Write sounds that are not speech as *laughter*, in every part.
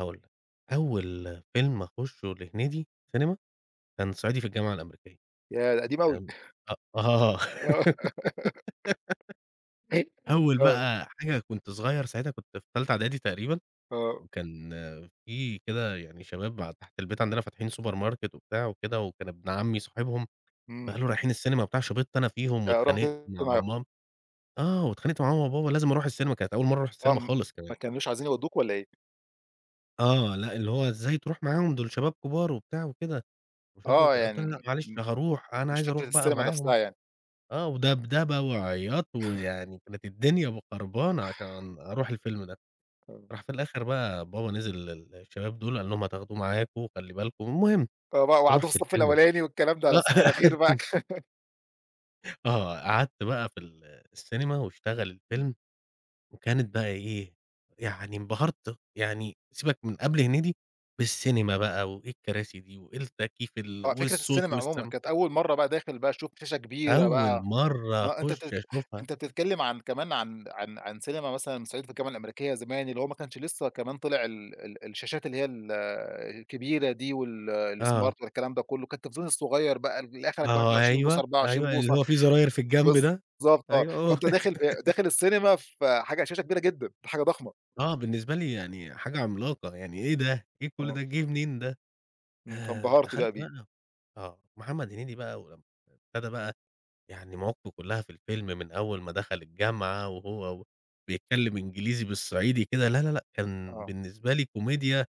هاقول لك. أول فيلم أخشّه لهنيدي سينما، كان صعيدي في الجامعة الأمريكية. ياه! ده قديم أوي. تمام؟ *chuckles* أ آه و *giggles* *giggles* أول آه. بقى حاجة كنت صغير ساعتها كنت في تالتة إعدادي تقريبًا، آه. وكان في كده يعني شباب ع تحت البيت عندنا فاتحين supermarket وبتاع وكده، وكان ابن عمي صاحبهم إمم. فقالوا: "رايحين السينما وبتاع." شِبطت أنا فيهم، آآ رُحت واتخانقت أنت مع معاهم. مام آه. واتخانقت مع ماما، وبابا، لازم أروح السينما كانت أول مرّة أروح آه. السينما م خالص كمان. ما كانوش عايزين يودّوك والّا إيه؟ آه. لأ، اللي هو إزاي تروح معاهم، دول شباب كبار وبتاع وكده. آه. يعني م م *unintelligible* معلش هاروح. أنا مش عايز فكرة اروح بقى السينما نفسها معاهم. يعني. آه، ودَبدَبة، وعِياط، *chuckles* ويعني كانت الدنيا م خربانة عشان أروح الفيلم ده. *unintelligible* راح في الآخر بقى، بابا نزل للشباب دول، قال لهم: "هتاخدوه معاكم، وخلّي بالكم." والمهم، آه. بقى وقعدوه في رُحت الصف الفيلم الأولاني والكلام ده. لأ آه الصّف الأخير *laughs* معاك *laughs* آه. قعدت بقى في ال السينما، واشتغل إمم. الفيلم، وكانت بقى إيه، يعني انبهرت يعني سيبك من قبل هنيدي، بالسينما بقى، وإيه الكراسي دي، وإيه التكييف ال آه. فكرة والصوت، السينما عمومًا. والسَم كانت أول مرّة بقى داخل بقى تشوف شاشة كبيرة أول بقى. مرّة آه. أنت أخش تتك أشوفها أنت بتتكلم عن كمان عن عن عن سينما مثلًا صعيدي في الجامعة الأمريكية زمان، اللي هو ما كانش لسّه كمان طلع ال ال الشاشات اللي هي ال الكبيرة دي وال الsmart آه. ولا الكلام ده كله. كان التلفزيون الصغير بقى اللي آخرك واحد آه. وعشرين بوصة، أيوه، 24 أيوه. بوصة اللي هو في زراير في الجنب ده. بالضبط آه. أيوه. هو فأنت داخل ب داخل السينما، فحاجة على الشاشة كبيرة جدًا، حاجة ضخمة. آه. بالنسبة لي يعني حاجة عملاقة، يعني إيه ده؟ إيه كل آه. ده، جه منين ده؟ إمم. د فانبهرت دخلت بقى بيه. بقى آه. محمد هنيدي بقى ولمّا ابتدى بقى، يعني مواقفه كلها في الفيلم من أول ما دخل الجامعة، وهو وبيتكلم إنجليزي بالصعيدي كده، لا، لا، لأ. كان آه. بالنسبة لي كوميديا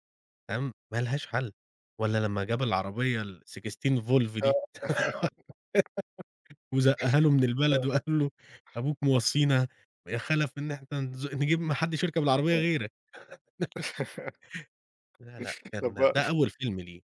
تمام؟ ما لهاش حل. والّا لمّا جاب العربية valve 16 دي. آه. *laughs* *laughs* وزقّها له من البلد آه. وقال له: "أبوك موصّينا يا خلف إن إحنا نز نِجيب ما حدّش يركب العربية آه. غيرك." *laughs* لا لأ، *laughs* طب ما كان ده أول فيلم ليه.